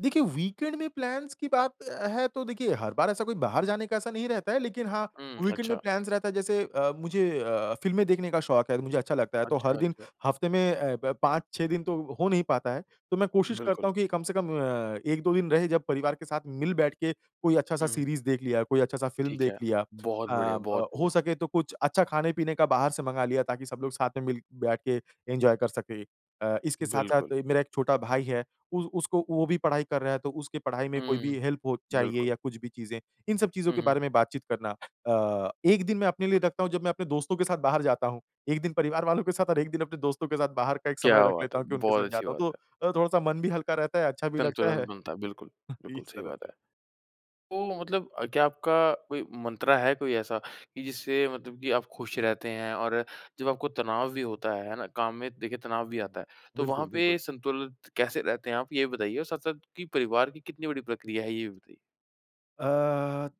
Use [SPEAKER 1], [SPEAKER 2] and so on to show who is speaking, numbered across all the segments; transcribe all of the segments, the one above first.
[SPEAKER 1] देखिए वीकेंड में प्लान्स की बात अ, है तो देखिए हर बार ऐसा कोई बाहर जाने का ऐसा नहीं रहता है, लेकिन हाँ,
[SPEAKER 2] हुँ,
[SPEAKER 1] वीकेंड में
[SPEAKER 2] अच्छा।
[SPEAKER 1] प्लान्स रहता है जैसे मुझे अ, फिल्में देखने का शौक है मुझे अच्छा लगता है तो हर
[SPEAKER 2] अच्छा,
[SPEAKER 1] दिन
[SPEAKER 2] अच्छा।
[SPEAKER 1] हफ्ते में अ, ब 5-6 दिन तो हो नहीं पाता है, तो मैं कोशिश करता
[SPEAKER 2] बिल्कुल।
[SPEAKER 1] हूँ कि कम से कम अ, 1-2 दिन रहे जब परिवार के साथ मिल-बैठ के कोई अच्छा-सा
[SPEAKER 2] हुँ।
[SPEAKER 1] सीरीज़ देख लिया, कोई अच्छा-सा फ़िल्म
[SPEAKER 2] ठीक
[SPEAKER 1] देख
[SPEAKER 2] है।
[SPEAKER 1] लिया अ,
[SPEAKER 2] बहुत बढ़िया, बहुत
[SPEAKER 1] ब हो
[SPEAKER 2] बढ़िया।
[SPEAKER 1] सके तो कुछ अच्छा खाने-पीने का बाहर से मंगा लिया ताकि सब लोग साथ में मिल-बैठ के एन्जॉय कर सकें। अ, इसके
[SPEAKER 2] बिल्कुल।
[SPEAKER 1] साथ-साथ मेरा 1 छोटा भाई है उ उसको वो भी पढाई कर रहा है तो उसकी पढाई में कोई भी
[SPEAKER 2] हुँ,
[SPEAKER 1] हेल्प हो चाहिए
[SPEAKER 2] बिल्कुल।
[SPEAKER 1] या कुछ भी चीज़ें, इन सब चीज़ों
[SPEAKER 2] हुँ,
[SPEAKER 1] के
[SPEAKER 2] हुँ।
[SPEAKER 1] बारे में बातचीत करना। अ, 1 दिन मैं अपने लिए रखता हूँ जब मैं अपने दोस्तों के साथ बाहर जाता हूँ, 1 दिन परिवार वालों के साथ और 1 दिन अपने दोस्तों के साथ बाहर का एक समय
[SPEAKER 2] क्या
[SPEAKER 1] रख
[SPEAKER 2] बात
[SPEAKER 1] लेता
[SPEAKER 2] है,
[SPEAKER 1] हूँ कि उनके
[SPEAKER 2] बहुत
[SPEAKER 1] साथ
[SPEAKER 2] अच्छी
[SPEAKER 1] जाता हूँ
[SPEAKER 2] बात
[SPEAKER 1] तो
[SPEAKER 2] है।
[SPEAKER 1] अ, थोड़ा-सा मन भी हल्का रहता है, अच्छा भी लगता
[SPEAKER 2] संतुलन
[SPEAKER 1] है।
[SPEAKER 2] बनता है, बिल्कुल, बिल्कुल,
[SPEAKER 1] इस
[SPEAKER 2] सही
[SPEAKER 1] तरह
[SPEAKER 2] बात
[SPEAKER 1] से।
[SPEAKER 2] है। तो मतलब अ, क्या आपका कोई मंत्रा है कोई ऐसा, कि जिससे मतलब कि आप खुश रहते हैं और जब आपको तनाव भी होता है, है ना? काम में देखिए तनाव भी आता है। तो वहाँ
[SPEAKER 1] बिल्कुल,
[SPEAKER 2] पे
[SPEAKER 1] बिल्कुल।
[SPEAKER 2] संतुलित कैसे रहते हैं आप ये बताइए और साथ-साथ की परिवार की कितनी बड़ी प्रक्रिया है ये भी बताइए?
[SPEAKER 1] अ,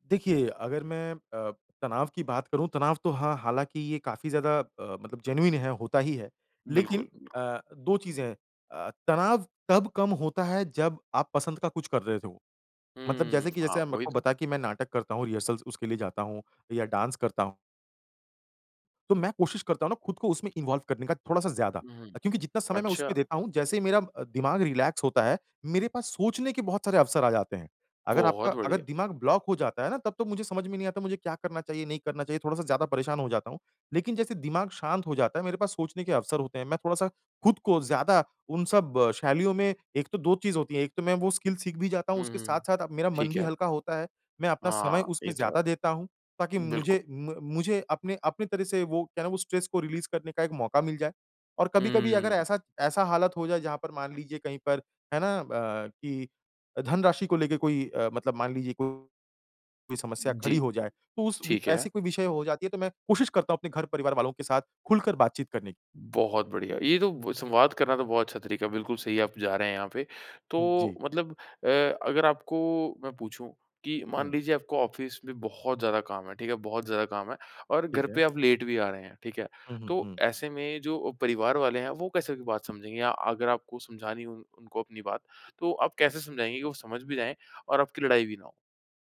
[SPEAKER 1] देखिए अगर मैं अ, तनाव की बात करूँ, तनाव तो हाँ हालाँकि ये काफ़ी ज़्यादा अ, मतलब जेनुइन है होता ही है।
[SPEAKER 2] बिल्कुल,
[SPEAKER 1] लेकिन
[SPEAKER 2] बिल्कुल।
[SPEAKER 1] अ, 2 चीज़ें हैं अ, तनाव तब कम होता है जब आप पसंद का कुछ कर रहे हो तो। मतलब
[SPEAKER 2] हुँ।
[SPEAKER 1] जैसे कि
[SPEAKER 2] हाँ,
[SPEAKER 1] जैसे मेरे
[SPEAKER 2] वही
[SPEAKER 1] को
[SPEAKER 2] तो।
[SPEAKER 1] बता कि मैं नाटक करता हूँ, रिहर्सल उसके लिए जाता हूँ या डांस करता हूँ। तो मैं कोशिश करता हूँ ना खुद को उसमें इन्वॉल्व करने का थोड़ा-सा ज़्यादा।
[SPEAKER 2] हुँ,
[SPEAKER 1] क्योंकि जितना समय मैं
[SPEAKER 2] अच्छा।
[SPEAKER 1] उसपे देता हूँ जैसे ही मेरा दिमाग रिलैक्स होता है, मेरे पास सोचने के बहुत सारे अवसर आ जाते हैं। अगर आपका
[SPEAKER 2] बहुत
[SPEAKER 1] अगर
[SPEAKER 2] बढ़िया।
[SPEAKER 1] दिमाग ब्लॉक हो जाता है ना तब तो मुझे समझ में नहीं आता मुझे क्या करना चाहिए नहीं करना चाहिए थोड़ा-सा ज़्यादा परेशान हो जाता हूँ। लेकिन जैसे दिमाग शांत हो जाता है मेरे पास सोचने के अवसर होते हैं, मैं थोड़ा-सा खुद को ज़्यादा उन सब शैलियों में एक तो 2 चीज़ होती है 1 तो मैं वो स्किल सीख भी जाता हूँ
[SPEAKER 2] हुँ,
[SPEAKER 1] उसके
[SPEAKER 2] हुँ।
[SPEAKER 1] साथ-साथ अब मेरा मन
[SPEAKER 2] ठीक
[SPEAKER 1] भी
[SPEAKER 2] है।
[SPEAKER 1] हल्का होता है। मैं अपना समय
[SPEAKER 2] हाँ,
[SPEAKER 1] उसमें
[SPEAKER 2] ये तो
[SPEAKER 1] ज़्यादा देता हूँ, ताकि
[SPEAKER 2] है। बिल्कुल।
[SPEAKER 1] मुझे म मुझे अपने अपनी तरह से वो क्या ना वो स्ट्रेस को रिलीज़ करने का एक मौका मिल जाए। और कभी-कभी अगर
[SPEAKER 2] हुँ।
[SPEAKER 1] ऐसा ऐसा हालत हो जाए जहाँ पर मान लीजिए कहीं पर, है ना? अ, कि धनराशि को लेके कोई अ, मतलब मान लीजिए को कोई समस्या खड़ी
[SPEAKER 2] जी,
[SPEAKER 1] हो जाए। तो उस वि
[SPEAKER 2] ठीक है।
[SPEAKER 1] ऐसी कोई विषय हो जाती है तो मैं कोशिश करता हूँ अपने घर-परिवार वालों के साथ खुलकर बात-चीत करने
[SPEAKER 2] बहुत बढ़िया। ये तो ब संवाद करना तो बहुत अच्छा तरीका है, बिल्कुल सही है आप जा रहे हैं यहाँ पे। तो
[SPEAKER 1] जी।
[SPEAKER 2] मतलब अ, अगर आपको मैं पूछूँ, कि मान
[SPEAKER 1] हुँ।
[SPEAKER 2] लीजिए आपको ऑफ़िस में बहुत ज़्यादा काम है, ठीक है? बहुत ज़्यादा काम है और घर
[SPEAKER 1] ठीक है।
[SPEAKER 2] पे आप लेट भी आ रहे हैं, ठीक है?
[SPEAKER 1] हुँ, हुँ,
[SPEAKER 2] तो
[SPEAKER 1] हुँ।
[SPEAKER 2] ऐसे में जो अ, परिवार वाले हैं वो कैसे बात समझेंगे या अगर आपको समझानी है उन उनको अपनी बात, तो आप कैसे समझाएंगे कि वो समझ भी जाए और आपकी लड़ाई भी ना हो?